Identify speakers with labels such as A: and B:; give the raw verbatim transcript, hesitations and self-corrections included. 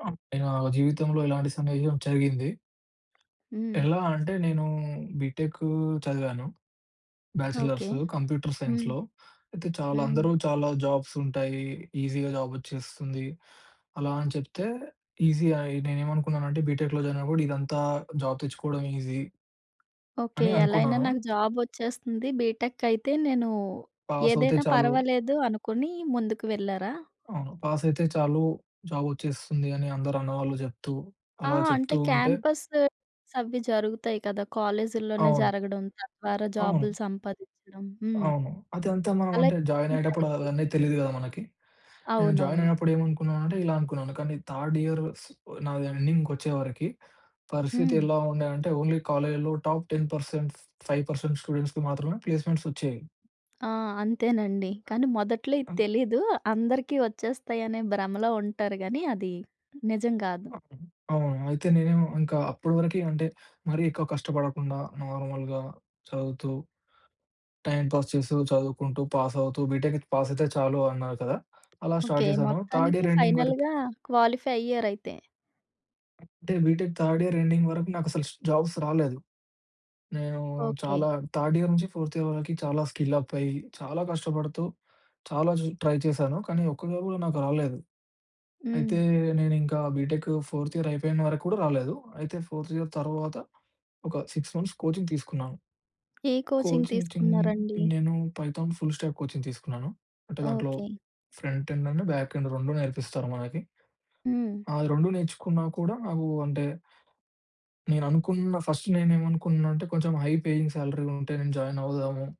A: ఆ! నా జీవితంలో ఇలాంటి సన్నిహ్యం జరిగింది.
B: హ్మ్.
A: ఎలా అంటే నేను బీటెక్కూ చదివాను.
B: ఓకే.
A: బ్యాచలర్స్. కంప్యూటర్
B: హ్మ్.
A: సైన్స్‌లో. అయితే చాలా
B: హ్మ్.
A: అందరూ చాలా జాబ్సుంటాయి. ఈజీగా జాబెచ్చేస్తుంది. అలా అని చెప్తే ఈజియా ఐ నేనేమనుకున్నానంటే బిటెక్‌లో జాయినయినప్పుడు ఇదంతా జాబ్ తెచ్చుకోవడం ఈజీ...
B: ఓకే.
A: అని
B: ఎలా అయినా
A: అనుకున్నాను.
B: నాకు జాబొచ్చేస్తుంది. బీటెక్ అయితే నేను
A: పాసవుతే
B: ఏదైనా
A: చాలు.
B: పర్వాలేదు అనుకొని ముందుకు వెళ్లారా?
A: అవును. పాసయితే చాలు జాబొచ్చేస్తుంది అని అందరూ అన్నవాళ్ళు చెప్తూ
B: ఆ!
A: అలా
B: అంటే
A: చెప్తూ ఉంటే
B: క్యాంపస్ ప్లేస్మెంట్స్ అవి జరుగుతాయి గదా! కాలేజీల్లోనే
A: అవును.
B: జరగడం తద్వారా జాబులు
A: అవును.
B: సంపాదిచ్చడం. హ్మ్.
A: అవును. అదంతా మనం
B: అలా
A: అంటే
B: ఏం
A: జాయినయ్యేటప్పుడు
B: జరగలేదా?
A: అవన్నీ తెలీదు గదా! మనకి. నేను
B: అవునవును.
A: జాయినయినప్పుడు ఏమనుకున్నానంటే ఇలా అనుకున్నాను. కానీ థర్డ్ ఇయర్ స్ నాది ఎండింగ్‌కి వచ్చేవరకి పరిస్థితి
B: హ్మ్.
A: ఎలా ఉండేఅంటే ఓన్లీ కాలేజీలో top ten percent five percent స్టూడెంట్స్‌కి మాత్రమే ప్లేస్మెంట్స్ వచ్చేయి.
B: ఆ! అంతేనండి. కానీ మొదట్లో ఇది
A: అ!
B: తెలీదు. అందరికీ వచ్చేస్తాయనే భ్రమలో ఉంటారు గానీ అది నిజం గాదు.
A: అ అవును. అయితే నేనేం ఇంకా అప్పడివరకీ అంటే మరీ ఎక్కువ కష్టపడకుండా నార్మల్‌గా చదువుతూ టైమ్ పాస్ చేస్తూ చదువుకుంటూ, పాస్ అవుతూ బిటెక్ పాస్ అయితే చాలు అన్నారు కదా! అలా
B: ఓకే.
A: స్టార్ట్ చేశాను థర్డ్
B: మొత్తానికి
A: ఇయర్ ఎండింగ్ వరకి
B: ఫైనల్‌గా క్వాలిఫై అయ్యారయితే.
A: అంటే బిటెక్ థర్డ్ ఇయర్ ఎండింగ్ వరకు నాకు అసలు స్ జాబ్స్ రాలేదు. నేను
B: ఓకే.
A: చాలా థర్డ్ ఇయర్ నుంచి ఫోర్త్ ఇయర్ వరకి చాలా స్కిల్ అప్ అయ్యి చాలా కష్టపడుతూ చాలా చ్ ట్రై చేశాను. కానీ ఒక్కటిలో కూడా నాకు రాలేదు. అయితే
B: హ్మ్.
A: నేనింకా బిటెక్ ఫోర్త్ ఇయర్ అయిపోయిన వరకు కూడా రాలేదు. అయితే ఫోర్త్ ఇయర్ తరువాత ఒక సిక్స్ మంత్స్ కోచింగ్ తీసుకున్నాను.
B: ఏ కోచింగ్
A: కోచింగ్ చిన్
B: తీసుకున్నారండి?
A: నేను పైథాన్ ఫుల్‌స్టాక్ కోచింగ్ తీసుకున్నాను. అంటే దాంట్లో
B: okay.
A: Front end, and back end రెండు నేర్పిస్తారు మనకి.
B: హ్మ్.
A: ఆ! అది రెండు నేర్చుకున్నా కూడా నాకు అంటే నేననుకున్న ఫస్ట్ నేను ఏమనుకున్నానంటే కొంచెం హై పేయింగ్ సాలరీలుంటే నేను జాయినవుదాము.